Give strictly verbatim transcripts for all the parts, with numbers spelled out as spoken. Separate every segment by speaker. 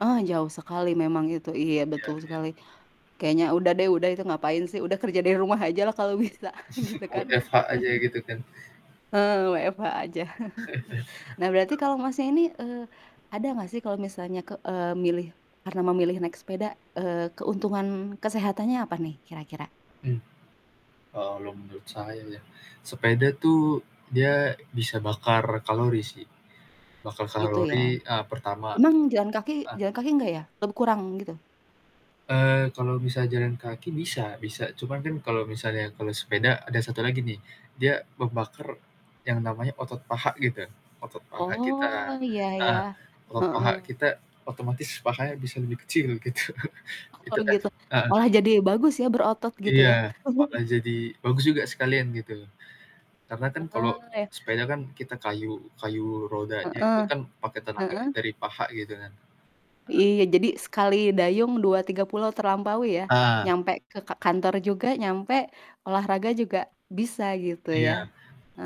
Speaker 1: Oh, jauh sekali memang itu, iya,
Speaker 2: Iya
Speaker 1: betul
Speaker 2: iya.
Speaker 1: sekali. Kayaknya udah deh, udah itu ngapain sih udah kerja dari rumah ajalah kalo bisa gitu, kan.
Speaker 2: W-F-H aja gitu kan.
Speaker 1: Heeh, W-F-H aja. Nah, berarti
Speaker 2: betul.
Speaker 1: kalo Masnya ini, eee, ada nggak sih kalo misalnya ke eee, milih karena memilih naik sepeda, eee, keuntungan kesehatannya apa nih, kira-kira?
Speaker 2: Mmm. Kalo menurut saya ya, sepeda tuh dia bisa bakar kalori, sih. Bakar
Speaker 1: Gitu ya?
Speaker 2: kalori, eee, pertama
Speaker 1: Emang jalan kaki
Speaker 2: eh.
Speaker 1: jalan kaki nggak, ya? Atau bekurang gitu?
Speaker 2: Eee, kalau bisa jalan kaki bisa bisa, cuman kan kalau misalnya kalau sepeda ada satu lagi nih dia membakar yang namanya otot paha gitu, otot paha
Speaker 1: Oh,
Speaker 2: kita,
Speaker 1: iya
Speaker 2: heeh,
Speaker 1: iya,
Speaker 2: otot paha
Speaker 1: heeh.
Speaker 2: kita otomatis pahanya bisa lebih kecil gitu,
Speaker 1: Oh,
Speaker 2: gitu kan,
Speaker 1: gitu
Speaker 2: heeh.
Speaker 1: malah jadi bagus, ya berotot gitu, ya.
Speaker 2: Iya, bakal jadi bagus juga sekalian gitu. Karena kan kalau
Speaker 1: Heeh, ya.
Speaker 2: sepeda kan kita kayuh kayuh rodanya
Speaker 1: Heeh,
Speaker 2: itu kan pake tenaga yang
Speaker 1: heeh.
Speaker 2: dari paha gitu, kan. Heeh.
Speaker 1: Iya, jadi sekali dayung dua tiga pulau terlampaui, ya.
Speaker 2: Ah.
Speaker 1: Nyampe ke ka kantor juga nyampe, olahraga juga bisa gitu, ya.
Speaker 2: Iya,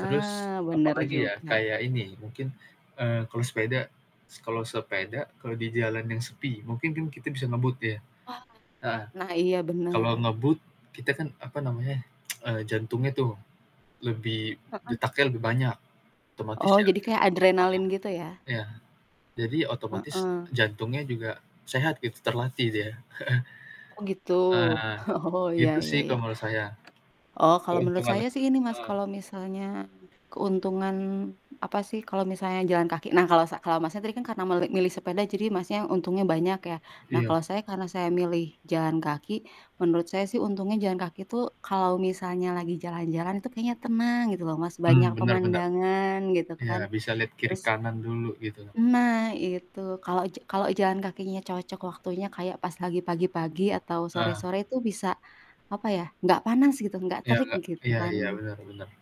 Speaker 2: terus apa
Speaker 1: bener
Speaker 2: lagi, ya,
Speaker 1: juga.
Speaker 2: kayak ini mungkin, eee, kalau sepeda kalau se-pe-da kalau di jalan yang sepi mungkin kan kita ngebut, ya?
Speaker 1: Wah.
Speaker 2: Heeh,
Speaker 1: Nah, iya bener.
Speaker 2: kalau ngebut kita kan apa namanya, eee, jantungnya tuh lebih
Speaker 1: Heeh.
Speaker 2: detaknya lebih banyak, otomatis
Speaker 1: Oh,
Speaker 2: ya,
Speaker 1: jadi kayak adrenalin gitu, ya?
Speaker 2: kayak ya, jadi otomatis
Speaker 1: Heeh.
Speaker 2: jantungnya juga sehat gitu, terlatih dia.
Speaker 1: Oh, gitu,
Speaker 2: Eee,
Speaker 1: oh ya
Speaker 2: gitu
Speaker 1: ya
Speaker 2: sih
Speaker 1: ya.
Speaker 2: kalau menurut saya.
Speaker 1: Oh, kalo menurut
Speaker 2: Keuntungan
Speaker 1: saya sih ini, Mas,
Speaker 2: heeh.
Speaker 1: kalo misalnya keuntungan, apa sih, kalo misalnya jalan kaki nah kalau sa kalau Masnya tadi kan karena meli milih sepeda jadi Masnya untungnya banyak, ya. Nah
Speaker 2: Iya.
Speaker 1: kalo saya karena saya milih jalan kaki, menurut saya sih untungnya jalan kaki tuh kalo misalnya lagi jalan-jalan itu kayaknya tenang gitu loh, Mas, banyak
Speaker 2: Mmm, benar benar.
Speaker 1: pemandangan gitu kan.
Speaker 2: Ya, bisa lihat kiri
Speaker 1: Terus
Speaker 2: kanan dulu gitu loh.
Speaker 1: Nah, itu. Kalau ja kalau jalan kakinya cocok waktunya kayak pas lagi pagi-pagi atau
Speaker 2: Heeh.
Speaker 1: sore-sore tuh bisa, apa ya, nggak panas gitu, nggak
Speaker 2: Iya,
Speaker 1: terik
Speaker 2: nggak
Speaker 1: gitu,
Speaker 2: iya iya,
Speaker 1: kan.
Speaker 2: benar benar.